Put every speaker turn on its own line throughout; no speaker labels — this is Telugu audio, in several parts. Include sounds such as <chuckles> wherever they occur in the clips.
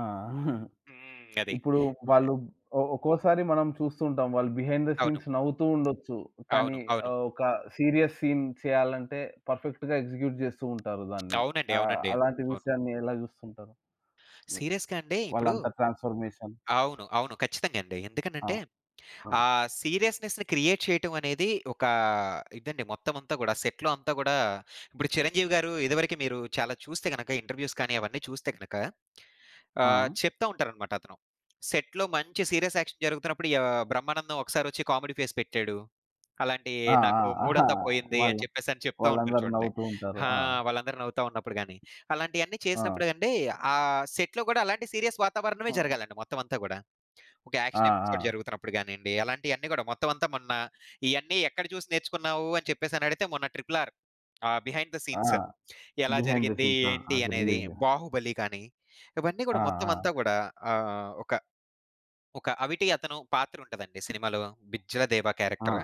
ఆ! <chuckles>
హ్మ్. అది.
ఇప్పుడు
ఆహ్
వాళ్ళు ఒ ఒక్కోసారి మనం చూస్తూ ఉంటాం. వాళ్ళు బిహైండ్ థ
అవును.
సీన్స్ నవ్వుతూ ఉండొచ్చు. కానీ
అవును. అవును.
ఆహ్, ఒక సీరియస్ సీన్ చేయాలంటే పర్ఫెక్ట్‌గా ఎగ్జిక్యూట్ జేస్తూ ఉంటారు దాన్ని.
అవునండి.
ఆహ్,
అవునండి.
అలాంటి
అవును.
విషయాన్ని ఎలా జూస్తుంటారు మీరు?
సీరియస్‌గా అండి ఇప్పుడు
వాళ్ళంత ట్రాన్స్ఫర్మేషన్?
అవును. అవును. ఖచ్చితంగా అండి.
ఆ!
ఎందుకనంటే, ఆ
ఆ!
సీరియస్నెస్‌ని క్రియేట్ చేయటం అనేది ఒకా ఇదండి. మొత్తమంతా గూడా సెట్‌లో అంతా గూడా ఇప్పుడు 'చిరంజీవి' గారు ఇదివరకు మీరు చాలా చూస్తే గనక ఇంటర్‌వ్యూ‌స్ కానీ అవన్నీ చూస్తే గనక ఆహ్,
ఆ!
చెప్తా ఉంటారన్నమాట అతను. సెట్‌లో మంచి సీరియస్ యాక్షన్ జరుగుతున్నప్పుడు య ఆహ్, 'బ్రహ్మానందం' ఒకసారి ఒచ్చి కామెడీ ఫేస్ పెట్టాడు. అలాంటియి
ఆ! ఆ!
"నాకు
ఆహా!
మూడంతా పోయింది" అని
వాళ్ళు
చెప్పేసి అని చెప్తా ఉంటారు
వాళ్ళందరూ
చూడండి.
నవ్వుతూ ఉంటారు.
ఆ!
ఆ!
వాళ్ళందరూ నవ్వుతా ఉన్నప్పుడు గానీ. అలాంటియన్ని
ఆ!
చేసినప్పుడు అంటే, ఆ సెట్‌లో గూడా అలాంటి సీరియస్ వాతావరణమే
ఆ!
జరగాలండి మొత్తం అంతా గూడా. ఒక
ఆ!
యాక్షన్ ఎపిసోడ్
ఆ!
జరుగుతున్నప్పుడు గానియండి, అలాంటియన్నీ గూడా మొత్తం అంతా మొన్న ఇయన్నీ ఎక్కడ జూసి నేర్చుకున్నావు? అని చెప్పేసి అని అడిగితే మొన్న 'ట్రిపుల్ ఆర్' ఆహ్, బిహైండ్ థ
ఆ!
సీన్స్ ఎలా
బిహైండ్ థ
జరిగింది?
సీన్స్. ఆ!
ఏంటి?
అది
అనేది
రిలీజ్
'బాహుబలి' గానీ, ఇవన్నీ
ఆ!
గూడా మొత్తం
ఆ!
అంతా గూడా ఆహ్, ఒక, ఒక అవిటి అతను పాత్ర ఉంటదండి సినిమాలో బిజ్జలదేవ
ఆ!
క్యారెక్టర్.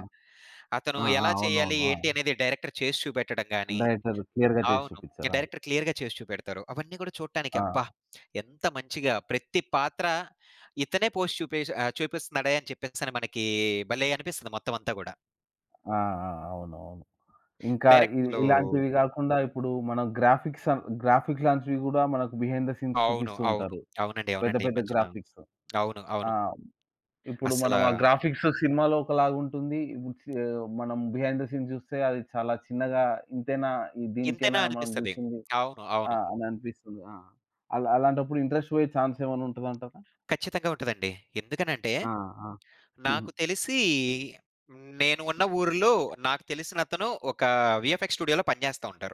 అతను
ఆ! ఆ!
ఎలా చేయాలి?
అవునవును.
ఏంటి?
ఆ!
అనేది డైరెక్టర్ చేసి చూపెట్టడం గాని
డైరెక్టర్ క్లియర్‌గా జేసి
అవును.
చూపిచారు. అవును.
డైరెక్టర్ క్లియర్‌గా చేసి చూపెడతారు. అవన్నీ గూడా చూడటానికి అబ్బా!
ఆ!
ఎంత మంచిగా! ప్రతి పాత్ర ఇతనే పోస్ట్ చూపె ఆహ్, చూపిస్తున్నాడే అని చెప్పేసని మనకి భలే అనిపిస్తుంది మొత్తం అంతా గూడా.
ఆ! ఆ! అవునవును. ఇంకా ఇ
డైరెక్టర్‌లు
ఇలాంటివి గాకుండా ఇప్పుడు మన గ్రాఫిక్స్ అను గ్రాఫిక్స్ లాంటివి గూడా మనకు బిహైండ్ థ సీన్స్
అవును.
చూపిస్తూ
అవును.
ఉంటారు.
అవునండి.
పెద్ద,
అవునండి. ఈ
పెద్ద
మధ్యన.
గ్రాఫిక్స్.
అవును.
ఆ!
అవును.
ఇప్పుడు మనం ఆ
అసలా
గ్రాఫిక్స్ సినిమాలో ఒకలాగుంటుంది. ఈ సే ఇప్పుడు మనం బిహైండ్ థ సీన్ జూస్తే అది చాలా చిన్నగా ఇంతేనా
ఇంతేనా
దీనికేనా మనం
అనిపిస్తది.
చూసింది
అవును.
ఆ!
అవును.
అని అనిపిస్తుంది. ఆ! అలా అలాంటప్పుడు ఇంట్రెస్ట్ బోయే చాన్స్ ఏమైనా ఉంటదంటారా?
ఖచ్చితంగా ఉంటదండి. ఎందుకనంటే,
ఆ! ఆ!
నాకు
<chuckles>
తెలిసి నేను ఉన్న ఊరిలో నాకు తెలిసినతను ఒక వీఎఫ్ఎక్స్ స్టూడియోలో పనిజేస్తా ఉంటారు.